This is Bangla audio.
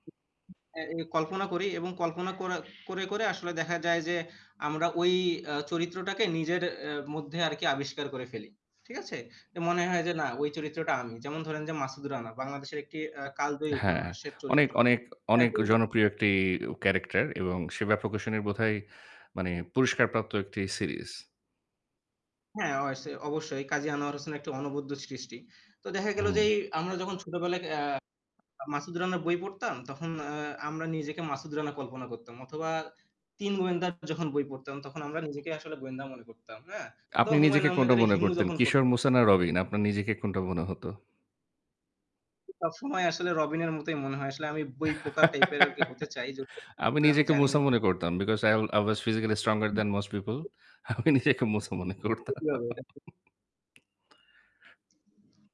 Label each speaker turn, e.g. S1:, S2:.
S1: অ্যা এই কল্পনা করি এবং কল্পনা করা করে, করে আসলে দেখা যায় যে আমরা ওই অ্যা চরিত্রটাকে নিজের অ্যা মধ্যে আরকি আবিষ্কার করে ফেলি। ঠিক আছে? তো মনে হয় যে না ওই চরিত্রটা আমি যেমন ধরেন যে 'মাসুদ রানা' বাংলাদেশের একটি অ্যা কালজয়ী
S2: হ্যাঁ,
S1: উপন্যাসের
S2: অনেক,
S1: চরিত্র।
S2: অনেক,
S1: হ্যাঁ
S2: অনেক
S1: তো জা
S2: জনপ্রিয় একটি উ ক্যারাক্টার এবং সেবা প্রকাশনীর বোধহয় মানে পুরস্কারপ্রাপ্ত একটি সিরিজ।
S1: হ্যাঁ, অয়সে অবশ্যই কাজী আনোয়ার হোসেনের একটি অনবদ্য সৃষ্টি। তো দেখা
S2: হু,
S1: গেল যে
S2: হুম।
S1: এই আমরা যখন ছোটবেলায় ক্যা আ মাসুদ রান্নার বই পড়তাম তখন অ্যা আমরা নিজেকে মাসুদ রানা কল্পনা করতাম। অথবা ৩ গোয়েন্দার যখন বই পড়তাম তখন আ আমরা নিজেকেই আসলে গোয়েন্দা মনে করতাম। হ্যাঁ
S2: আপনি
S1: অথবা হুমায়ূন
S2: নিজেকে
S1: আহমেদ
S2: কোনটা মনে
S1: হিমু
S2: করতেন
S1: যখন পড়
S2: কিশোর মুসা? না রবিন? আপনার নিজেকে কোনটা মনে হত?
S1: সবসময় আসলে রবিনের মতই মনে হয়। আসলে আমি বই পোকা টাইপের আর কি হতে চাই।
S2: আমি
S1: যেহুতু আমি
S2: নিজেকে
S1: জানি
S2: মুসা মনে করতাম, because i will i was physically stronger
S1: who.
S2: than most people। আমি নিজেকে মুসা মনে করতাম।
S1: [unintelligible]